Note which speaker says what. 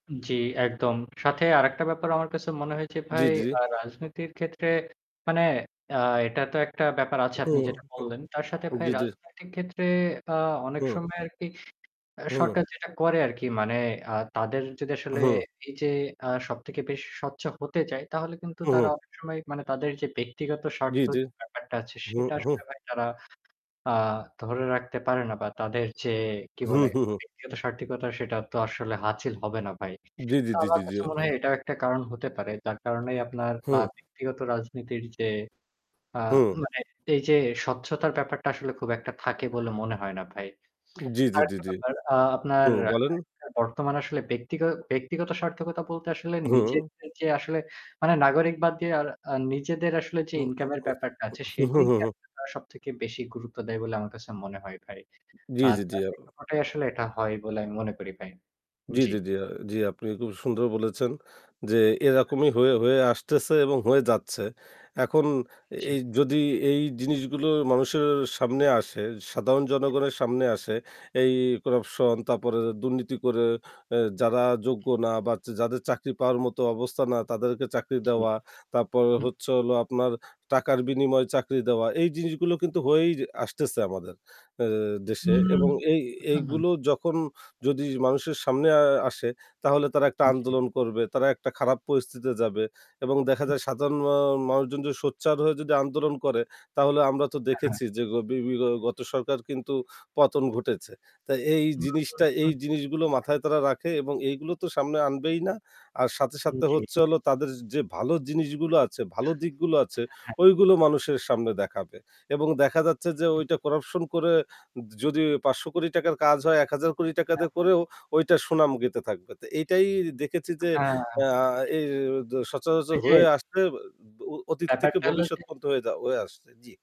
Speaker 1: উ জ্বি একদম। সাথে আরেকটা ব্যাপার আমার কাছে মনে হয়েছে
Speaker 2: জ্বি,
Speaker 1: ভাই
Speaker 2: জি।
Speaker 1: আ রাজনীতির ক্ষেত্রে মানে অ্যা এটা তো একটা ব্যাপার আছে আপনি
Speaker 2: হুম।
Speaker 1: যেটা বললেন। তার সাথে
Speaker 2: হু,
Speaker 1: ভাই
Speaker 2: জ্বি, জি।
Speaker 1: রাজনৈতিক ক্ষেত্রে আ অনেক
Speaker 2: হু।
Speaker 1: সময় আরকি অ্যা
Speaker 2: হু।
Speaker 1: সরকার যেটা করে আরকি। মানে আ তাদের যদি আসলে
Speaker 2: হু।
Speaker 1: এই যে আ সবথেকে বেশ স্বচ্ছ হতে চায়, তাহলে কিন্তু
Speaker 2: হু,
Speaker 1: তারা
Speaker 2: হু।
Speaker 1: অনেক সময় মানে তাদের যে ব্যক্তিগত
Speaker 2: জি,
Speaker 1: স্বার্থ
Speaker 2: জি
Speaker 1: যে ব্যাপারটা আছে,
Speaker 2: হু,
Speaker 1: সেটা
Speaker 2: হু।
Speaker 1: আসলে ভাই তারা আ ধরে রাখতে পারে না। বা তাদের যে কি
Speaker 2: হু,
Speaker 1: বলে?
Speaker 2: হু, হু।
Speaker 1: ব্যক্তিগত সার্থকতার সেটা তো আসলে হাসিল হবে না ভাই।
Speaker 2: জি, জি,
Speaker 1: তো
Speaker 2: জি,
Speaker 1: আমার
Speaker 2: জি, জি।
Speaker 1: কাছে মনে হয় এটাও একটা কারণ হতে পারে। যার কারণেই আপনার আ
Speaker 2: হু।
Speaker 1: ব্যক্তিগত রাজনীতির যে আ
Speaker 2: হুঁ।
Speaker 1: মানে এইযে স্বচ্ছতার ব্যাপারটা আসলে খুব একটা থাকে বলে মনে হয় না ভাই।
Speaker 2: উম জি, জি, জি,
Speaker 1: আরেকটা
Speaker 2: জি।
Speaker 1: ব্যাপার আ
Speaker 2: হু,
Speaker 1: আপনার
Speaker 2: বলেন?
Speaker 1: [unintelligible] বর্তমান আসলে ব্যক্তিগ ব্যক্তিগত সার্থকতা বলতে আসলে
Speaker 2: হু।
Speaker 1: নিজেদের যে আসলে মানে নাগরিক বাদ দিয়ে আর আ নিজেদের আসলে যে
Speaker 2: হু, উ
Speaker 1: ইনকাম এর ব্যাপারটা আছে,
Speaker 2: উ হু, হু,
Speaker 1: সেটিই
Speaker 2: হু,
Speaker 1: [unintelligible]
Speaker 2: হু।
Speaker 1: সবথেকে বেশি গুরুত্ব দেয় বলে আমার কাছে মনে হয় ভাই।
Speaker 2: জি,
Speaker 1: [unintelligible]
Speaker 2: জি, জি। আর
Speaker 1: আসলে এটা হয় বলে আমি মনে করি ভাই।
Speaker 2: জি,
Speaker 1: জ্বি।
Speaker 2: জি, জি, আ জি। আপনি খুব সুন্দর বলেছেন যে
Speaker 1: [unintelligible]
Speaker 2: এরকমই হয়ে, হয়ে আসতেছে এবং হয়ে যাচ্ছে। এখন
Speaker 1: জি।
Speaker 2: এ যদি এই জিনিসগুলো মানুষের সামনে আসে, সাধারণ জনগণের সামনে আসে, এই corruption তারপরে দুর্নীতি করে, অ্যা যারা যোগ্য না বা য যাদের চাকরি পাওয়ার মতো অবস্থা না, তাদেরকে চাকরি
Speaker 1: জ্বী।
Speaker 2: দেওয়া। তারপর
Speaker 1: হু।
Speaker 2: হচ্ছে হলো আপনার টাকার বিনিময়ে চাকরি দেওয়া। এই জিনিসগুলো কিন্তু হয়েই আসতেছে আমাদের অ্যা দেশে।
Speaker 1: হুম,
Speaker 2: এবং এই
Speaker 1: হু, হু।
Speaker 2: এইগুলো যখন যদি মানুষের সামনে আ আসে তাহলে তারা একটা
Speaker 1: উ জ্বী।
Speaker 2: আন্দোলন করবে, তারা একটা খারাপ পরিস্থিতিতে যাবে এবং দেখা
Speaker 1: হু,
Speaker 2: যায়
Speaker 1: হু।
Speaker 2: সাধারণ মা মানুষজন যদি সোচ্চার হয়ে যদি আন্দোলন করে, তাহলে আমরা তো
Speaker 1: আ হ্যাঁ।
Speaker 2: দেখেছি যে গ বি বি গ গত সরকার কিন্তু পতন ঘটেছে। তা এই জিনিসটা এই
Speaker 1: [unintelligible]
Speaker 2: জিনিসগুলো মাথায় তারা রাখে এবং এইগুলো তো সামনে আনবেই না। আর সাথে,
Speaker 1: উ
Speaker 2: সাথে
Speaker 1: জ্বী।
Speaker 2: হচ্ছে হলো তাদের যে ভালো জিনিসগুলো আছে,
Speaker 1: অ্যা
Speaker 2: ভালো দিকগুলো আছে,
Speaker 1: হ্যাঁ, হ্যাঁ।
Speaker 2: ওইগুলো মানুষের সামনে দেখাবে। এবং দেখা যাচ্ছে যে ওইটা corruption করে য যদি ৳৫,০০,০০,০০,০০০ র কাজ হয়, ৳১০,০০,০০,০০,০০০
Speaker 1: হ্যাঁ,
Speaker 2: দিয়ে
Speaker 1: হ্যাঁ।
Speaker 2: করেও ওইটার সুনাম গাইতে থাকবে। তো এইটাই দেখেছি যে
Speaker 1: হ্যাঁ।
Speaker 2: অ্যা আ এ জ সচরাচর
Speaker 1: ওই যে
Speaker 2: হয়ে আসতে অ ব অতীত থেকে
Speaker 1: ব্যাপারটা হল
Speaker 2: ভবিষ্যৎ
Speaker 1: যে
Speaker 2: পর্যন্ত হয়ে যা হয়ে আসছে। জি।